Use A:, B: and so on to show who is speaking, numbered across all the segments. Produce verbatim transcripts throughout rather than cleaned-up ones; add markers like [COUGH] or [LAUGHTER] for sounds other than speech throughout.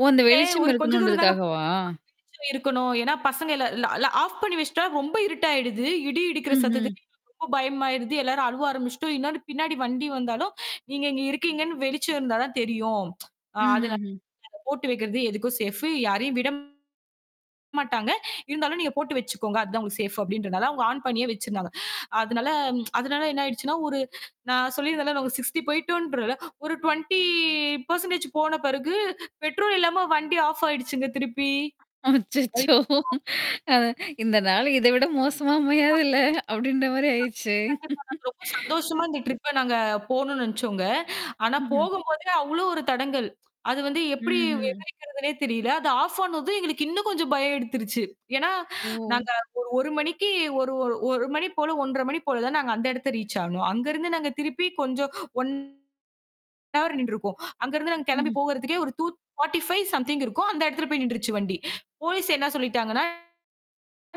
A: ஓ, அந்த
B: [UNINTELLIGIBLE]
A: வெளிச்சம்
B: ஒரு கொஞ்ச தூரம் தாங்க.
A: இருக்கணும்ன்றதுக்காகவா?
B: வெளிச்சம் இருக்கணும். ஏன்னா பசங்க இல் இல்ல எல்லாம் ஆஃப் பண்ணி வெச்சிட்டா ரொம்ப இருட்டா ஆயிடுது. இடி இடிக்கிற
A: ம்ஹூம்.
B: சத்தத்துக்கு எங்களுக்கு ரொம்ப பயமா ஆயிடுது. எல்லாரும் அழுவ ஆரம்பிச்சிடுச்சுட்டோம். இன்னொன்னு பின்னாடி வண்டி வந்தாலும், நீங்க இங்க இருக்கீங்கன்னு வெளிச்சம் இருந்தா தான் தெரியும். அ அதனால
A: ம்ஹுஹூம்.
B: போட்டு வைக்குறது எதுக்கும் சேஃப் யாரையும் விட மாட்டாங்க. இருந்தாலும் நீங்கப் போட்டு வச்சுக்கோங்க. அது தான் உங்களுக்கு சேஃப் அப்படின்னுறனால அவங்க ஆன் பண்ணியே வச்சிருந்தாங்க. அதனால அதனால என்ன ஆயிடுச்சுன்னா ஒரு நான் சொல்லி இருந்தேன்ல சிக்ஸ்டி போயிட்டு ஒரு டுவென்டி பெர்சென்டேஜ் போன பிறகு, பெட்ரோல் இல்லாம வண்டி ஆஃப் ஆயிடுச்சுங்க, திருப்பி.
A: அச்சச்சோ.
B: [UNINTELLIGIBLE]
A: அ இந்த நாள் இதைவிட மோசமா அமையாதுல்ல அப்படின்ற மாதிரி ஆயிருச்சு.
B: [UNINTELLIGIBLE] ரொம்ப சந்தோஷமா இந்த ட்ரிப்ப நாங்க போணும்னு நினைச்சோம்ங்க. ஆனா
A: ம்ஹூம்.
B: போகும்போதே அவ்ளோ ஒரு தடங்கல். அது வந்து எப்படி
A: ம்ஹூம்.
B: விவரிக்கிறதுனே தெரியல. அது ஆஃப் ஆனதும் எங்களுக்கு இன்னும் கொஞ்சம் பயம் எடுத்துடுச்சு. ஏன்னா,
A: ஓ.
B: நாங்க ஒரு ஒரு மணிக்கு ஒரு ஒரு ஒரு மணி போல ஒன்றரை மணி போல தான் நாங்க அந்த இடத்தை ரீச் ஆனோம். அங்க இருந்து நாங்க திருப்பிப் கொஞ்சம் ஒன் ஹவர் நின்றுருப்போம். அங்க இருந்து நாங்க கிளம்பி
A: ம்ஹூம்.
B: போகறதுக்கு ஒரு டூ ஃபார்டி ஃபைவ் சம்திங் இருக்கும். அந்த இடத்துல போய் நின்றுச்சு வண்டி. போலீஸ் என்ன சொல்லிட்டாங்கன்னா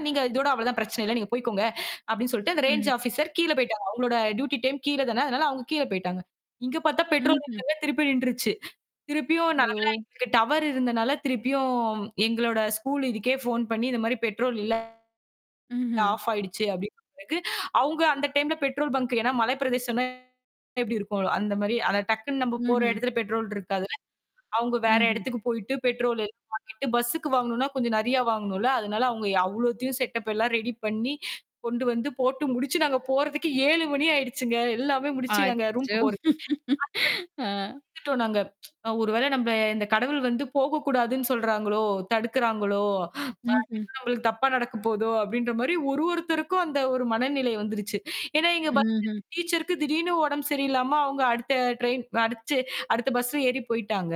B: நீங்க இதோட அவ்வளவுதான் பிரச்சனை இல்ல. நீங்கப் போயிக்கோங்க அப்படின்னு சொல்லிட்டு அந்த ரேஞ்ச்
A: ம்.
B: ஆபிசர் கீழ போய்ட்டாங்க. அவங்களோட டியூட்டி டைம் கீழ தான. அதனால அவங்க கீழ போயிட்டாங்க. இங்க பார்த்தா பெட்ரோல்
A: ம்ஹூம்.
B: இல்லங்க. திருப்பி நின்றுச்சு. திருப்பியும் நல்ல வேளை
A: ஓ.
B: எங்களுக்கு டவர் இருந்ததுனால திருப்பியும் எங்களோட ஸ்கூல் இதுக்கே போன் பண்ணி, இந்த மாதிரி பெட்ரோல் இல்ல
A: ம்ஹூம்.
B: ஆஃப் ஆயிடுச்சு அப்படின்னு சொன்னதுக்கு, அவங்க அந்த டைம்ல பெட்ரோல் பாங்க் ஏன்னா மலைப்பிரதேசம் எப்படி இருக்கும்? அந்த மாதிரி. ஆனா டக்குன்னு நாம போற
A: ம்ஹூம்.
B: இடத்துல பெட்ரோல் இருக்காது. அவங்க வேற
A: ம்ஹூம்.
B: இடத்துக்குப் போயிட்டு பெட்ரோல் வாங்கிட்டு பஸ்க்கு வாங்கணும்னா கொஞ்சம் நிறைய வாங்கணும்ல. அதனால அவங்க அவ்வளவையும் செட்டப் எல்லாம் ரெடி பண்ணி கொண்டு வந்து போட்டு முடிச்சு நாங்க போறதுக்கு ஏழு மணி ஆயிடுச்சுங்க. எல்லாமே முடிச்சு நாங்க ரூம்
A: அச்சோ.
B: போறதுக்கு.
A: ஆ.
B: [UNINTELLIGIBLE] நாங்க ஒருவேளை நம்ம இந்த கடவுள் வந்து போகக் கூடாதுன்னு சொல்றாங்களோ, தடுக்கறாங்களோ, அ
A: ம்ஹூம்.
B: எதோ எங்களுக்குத் தப்பா நடக்கப் போகுதோ அப்படின்ற மாதிரி ஒரு ஒருத்தருக்கும் அந்த ஒரு மனநிலை வந்துருச்சு. ஏன்னா எங்க பஸ்
A: ம்ஹூம்.
B: டீச்சர்க்கு திடீர்னு உடம்பு சரியில்லாம அவங்க அடுத்த டிரைன் அடிச்சு அடுத்த பஸ்ல ஏறிப் போயிட்டாங்க.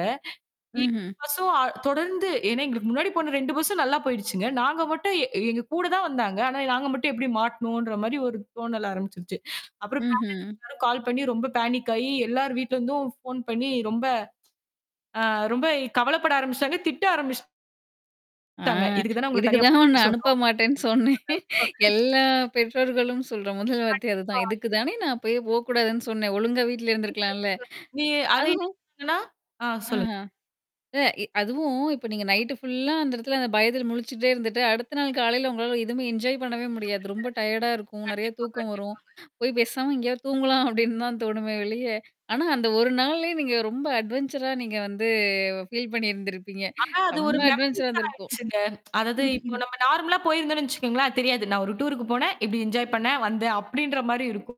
B: [UNINTELLIGIBLE]
A: ம்ஹூம்.
B: பஸ்ஸும் [UNINTELLIGIBLE] தொடர்ந்து ஏன்னா எங்களுக்கு முன்னாடி போன ரெண்டு பஸ்ஸும் நல்லா போயிடுச்சுங்க. நாங்க மட்டும் எங்க கூடத் தான் வந்தாங்க. ஆனா நாங்க மட்டும் எப்படி மாட்டுனோன்ற மாதிரி ஒரு தோணல் ஆரம்பிச்சுடுச்சு. அப்புறம் பேரண்ட்ஸ்
A: ம்ஹூம்.
B: எல்லாரும் கால் பண்ணி ரொம்ப பாணிக் ஆயி, எல்லாரும் வீட்டுல இருந்தும் ஃபோன் பண்ணி ரொம்ப அ ரொம்ப கவலைப்பட ஆரம்பிச்சாங்க. திட்ட ஆரம்பிச்சுட்டாங்க.
A: ஆ.
B: இதுக்கு தான் உங்கள தனியா போக
A: இதுக்குதான் உன்னை
B: கூடாதுன்னு
A: அனுப்ப
B: சொன்னோம்.
A: மாட்டேன்னு சொன்னேன்.
B: [UNINTELLIGIBLE]
A: எல்லா பெற்றோர்களும் சொல்ற முதல் வார்த்தை அதுதான்.
B: கண்டிப்பா. எ
A: இதுக்குதானே நான் அப்பயே போகக் கூடாதுன்னு சொன்னேன். ஒழுங்கா வீட்ல இருந்திருக்கலாம்ல.
B: [UNINTELLIGIBLE] நீ அதை என்ன
A: அதுவும்
B: சொன்னனா ஆ, சொல்லுங்க.
A: ஆஹா. இல்ல, எ அதுவும் இப்ப நீங்க நைட் புல்லா அந்த இடத்துல அந்த இடத்துல பயத்துல முழிச்சுகிட்டே இருந்துட்டு, அடுத்த நாள் காலையில உங்களால எதுவுமே என்ஜாய் பண்ணவே
B: [UNINTELLIGIBLE] முடியல.
A: முடியாது. ரொம்ப டையர்டா இருக்கும். நிறைய
B: கண்டிப்பா.
A: தூக்கம் வரும்.
B: கண்டிப்பாங்க.
A: போய் பேசாம எங்கேயோ தூங்கலாம் அப்படின்னு தான் தோணுமே வெளிய ஆனா அந்த ஒரு நாள் நீங்க ரொம்ப அட்வென்ச்சரா நீங்க வந்து பீல் பண்ணி இருந்திருப்பீங்க.
B: ஆனா, அது ஒரு
A: ரொம்ப அட்வென்ச்சரா
B: மெமரிஸ் ஆயிடுச்சுங்க. அதாவது இப்போ
A: இருந்திருக்கும்.
B: நாம நார்மலா போயிருந்தோம்னு வச்சுக்கோங்களேன். தெரியாது. நான் ஒரு டூர்க்கு போனேன். இப்படி என்ஜாய் பண்ணேன், வந்தேன் அப்படின்ற மாதிரி இருக்கும்.